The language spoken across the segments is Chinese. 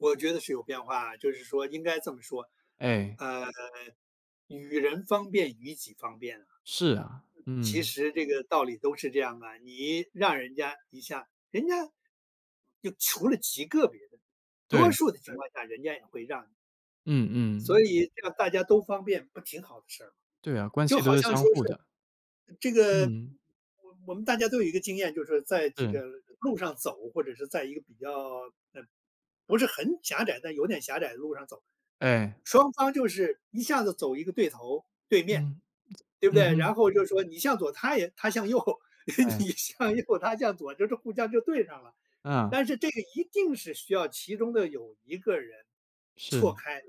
我觉得是有变化，就是说应该这么说。哎。呃，与人方便与己方便啊。是啊，其嗯。实，这个道理都是这样啊，你，让人家一下，人家就除了极个别的，多对。数的情况下，人家也会让你。嗯所嗯。以，这个大家都方便不挺好的事儿吗。对啊，关就系都好是像相说互是，的。呃，这个，嗯。我我们大家都有一个经验。就是在这是。个，路上走，或者是在一个比较，呃，不是很狭窄，但有点狭窄的路上走。哎。双方就是，一下子走一个对头，对面，嗯，对不嗯对？然哼。后就说你向左，他也他向右，你哎。向右他向左，就是互相就对上了。嗯。但是这个一定是需要其中的有一个人，错是。开，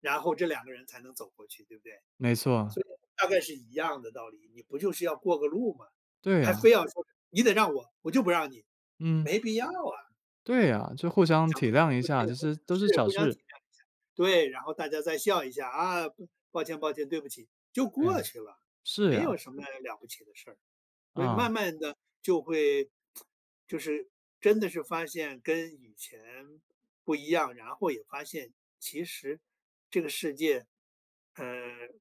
然后这2个人才能走过去，对不对？没错。所以大概是一样的道理。你不就是要过个路吗？对还啊。非要说，你得让我，我就不让你！嗯。没必要啊。对啊，就互相想通体谅了一下，其实 [unintelligible] 都是是，小互相体事。谅一下。对，然后大家再笑一下，啊，抱歉抱歉，对不起。就哎。过去了。是没啊。有什么了不起的事儿。所以啊。慢慢的，就会 就是真的是发现，跟以前，不一样。然后也发现，其实，这个世界，呃，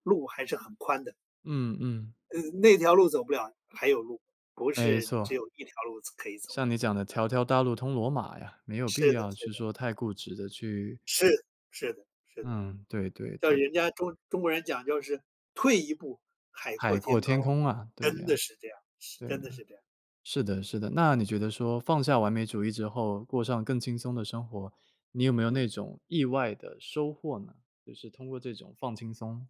路还是很宽的。嗯嗯。呃，那条路走不了，还有路。不没是只错。有一条路走可以走像你的。讲的条条大路通罗马呀，没有必是的要是去的。说太固执的去是，是的是的。嗯，对对叫对。人家中中国人讲究是，退一步，海阔海阔天高。天空啊！对真的啊。是这样，是对真的啊，是这样。是的是的。那你觉得说，放下完美主义之后，过上更轻松的生活，你有没有嗯。那种，意外的，收获呢？就是通过这种放轻松。